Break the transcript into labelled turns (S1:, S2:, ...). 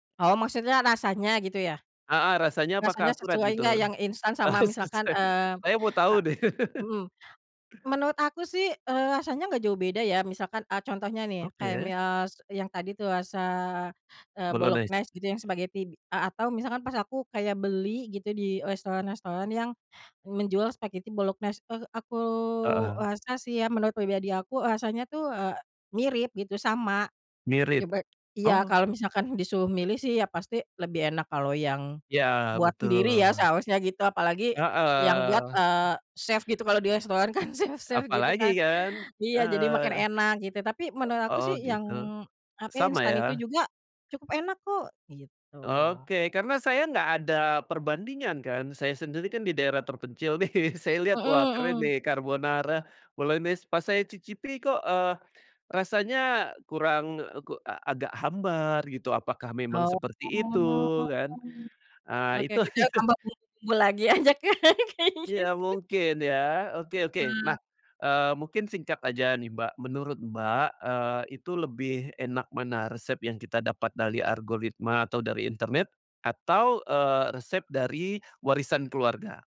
S1: Oh maksudnya rasanya gitu ya?
S2: Heeh, rasanya
S1: Rasanya
S2: apakah akurat
S1: sesuai
S2: gitu?
S1: nggak yang instan sama misalkan,
S2: Sesuai
S1: eee
S2: saya mau tahu
S1: eee,
S2: deh.
S1: mmm, menurut aku sih eee, rasanya enggak jauh beda ya, misalkan, eee, contohnya nih kayak
S2: Oke.
S1: mi eee, s yang tadi tuh rasa eee,
S2: Bolognese.
S1: bolognese gitu yang spaghetti b a atau misalkan pas aku kayak beli gitu di restoran-restoran yang menjual spaghetti bolognese, eee, aku
S2: Heeh.
S1: rasa sih ya, menurut pribadi aku rasanya tuh, eee, mirip gitu sama, ya
S2: Mirip,
S1: be iya
S2: oh.
S1: kalau misalkan disuruh milih sih, iya pasti lebih enak kalau yang
S2: Iya
S1: buat
S2: betul.
S1: sendiri ya seharusnya gitu, apalagi yang buat,
S2: Heeh.
S1: eee, chef gitu, kalau di restoran kan chef chef gitu
S2: Apalagi
S1: kan,
S2: kan,
S1: iya, jadi makin
S2: eee
S1: enak gitu, tapi menurut
S2: e
S1: aku
S2: oh
S1: sih yang,
S2: gitu,
S1: tapi
S2: sama
S1: instan itu
S2: ya?
S1: juga cukup enak kok, gitu.
S2: Oke, karena saya nggak ada perbandingan kan, saya sendiri kan di daerah terpencil nih, saya lihat
S1: Mhm
S2: wah keren
S1: mhm.
S2: nih carbonara, bolognese pas saya cicipi kok, eee, rasanya kurang, eee, ku a agak hambar gitu, apakah memang
S1: Oh.
S2: seperti itu kan, eee,
S1: Oke
S2: itu
S1: kita
S2: itu.
S1: tambah bumbu-bumbu lagi aja kan kayak
S2: Iya
S1: gitu.
S2: mungkin ya, oke oke
S1: Eee.
S2: nah, eee, mungkin singkat aja nih Mbak, menurut Mbak, eee, itu lebih enak mana, resep yang kita dapat dari algoritma atau dari internet atau, eee, resep dari warisan keluarga?